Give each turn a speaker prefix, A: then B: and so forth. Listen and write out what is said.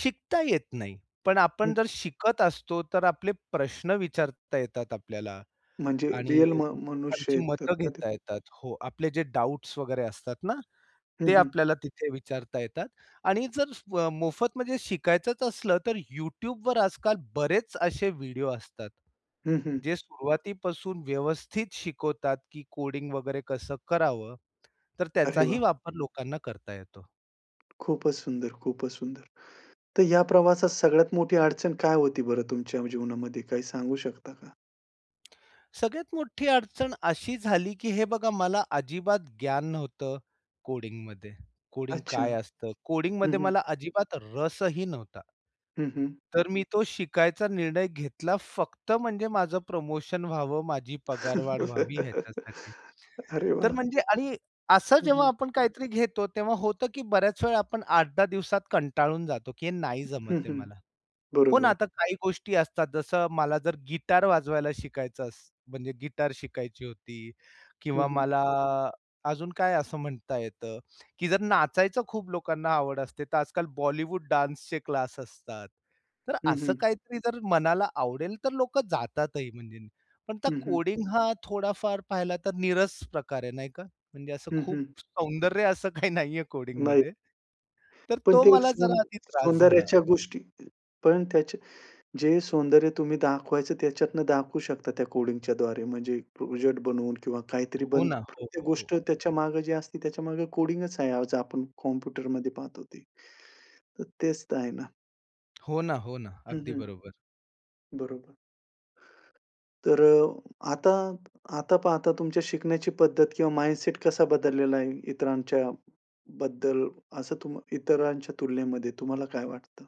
A: शिकता येत नाही. पण आपण
B: हं.
A: जर शिकत असतो, तर आपले प्रश्न विचारता येतात आपल्याला.
B: म्हणजे
A: आणि
B: रिअल म
A: [unintelligible]
B: मनुष्य
A: लोकांची
B: येतात
A: मतं
B: का ते?
A: घेता येतात. हो. आपले जे डॉब्ट्स वगैरे असतात ना,
B: हं,
A: ते
B: हं.
A: आपल्याला तिथे विचारता येतात. आणि जर स आ, मोफत म्हणजे शिकायचंच असलं, तर YouTubeवर आजकाल बरेच असे व्हिडिओ असतात.
B: हं, हं.
A: जे सुरुवातीपासून व्यवस्थित शिकवतात, की कोडिंग वगैरे कसं करावं. तर
B: अरे
A: त्याचाही
B: वाह!
A: वापर लोकांना करता येतो.
B: खूपच सुंदर, खूपच सुंदर. तर ह्या प्रवासात सगळ्यात मोठी अडचण काय होती बरं तुमच्या जीवनामध्ये, काही सांगू शकता का?
A: सगळ्यात मोठी अडचण अशी झाली, की हे बघा, मला अजिबात ज्ञान नव्हतं कोडिंगमध्ये. कोडिंग
B: अच्छा.
A: काय असतं?
B: हं,
A: कोडिंगमध्ये
B: हं.
A: मला अजिबात रसही नव्हता.
B: हं, हं.
A: तर मी तो शिकायचा निर्णय घेतला फक्त म्हणजे माझं प्रमोशन व्हावं, माझी पगारवाढ व्हावी याच्यासाठी.
B: अरे
A: तर
B: वाह!
A: म्हणजे आणि असं
B: हं,
A: जेव्हा
B: हं.
A: आपण काहीतरी घेतो तेव्हा होतं, की बऱ्याच वेळा आपण 8-10 दिवसात कंटाळून जातो की हे नाही जमत
B: हं,
A: आहे
B: हं.
A: मला. हो ना.
B: बरोबर.
A: आता काही गोष्टी असतात, जसं मला जर गिटार वाजवायला शिकायचं अस म्हणजे गिटार शिकायची होती
B: हं,
A: किंवा
B: हं.
A: मला अजून काय असं म्हणता येतं, की जर नाचायचं खूप लोकांना आवड असते, तर आजकाल बॉलिवूड डान्सचे क्लास असतात. तर
B: हं,
A: असं
B: हं.
A: काहीतरी जर मनाला आवडेल तर लोकं जातातही म्हणजे. पण आता
B: हं, हं.
A: कोडिंग हा थोडाफार पाहिला तर नीरस प्रकार आहे नाही का? म्हणजे असं
B: हं,
A: खूप
B: हं.
A: सौंदर्य असं काही नाहीये
B: नाही.
A: कोडिंगमध्ये. तर
B: पण
A: तो
B: ते
A: मला
B: सौ
A: जरा आधी त्रास झाला.
B: सौंदर्याच्या अ, गोष्टी पण त्याचे, जे सौंदर्य तुम्ही दाखवायचं त्याच्यातनं दाखवू शकता त्या कोडिंगच्यद्वारे. म्हणजे प्रोजेक्ट बनवून किंवा काहीतरी
A: हो
B: बनतं.
A: ना. हो,
B: प्रत्येक
A: हो,
B: गोष्ट
A: हो.
B: त्याच्या मागे जी असते त्याच्यामागे कोडिंगच आहे. आज आपण कॉम्प्युटरमध्ये पाहतो ते. तर तेच तर आहे ना.
A: हो ना. हो ना,
B: हं,
A: अगदी
B: हं.
A: बरोबर.
B: बरोबर. तर अ, आता, आता पाहता तुमच्या शिकण्याची पद्धत किंवा माइंडसेट कसा बदललेला आहे इतरांच्या बद्दल असं तुम इतरांच्या तुलनेमध्ये तुम्हाला काय वाटतं?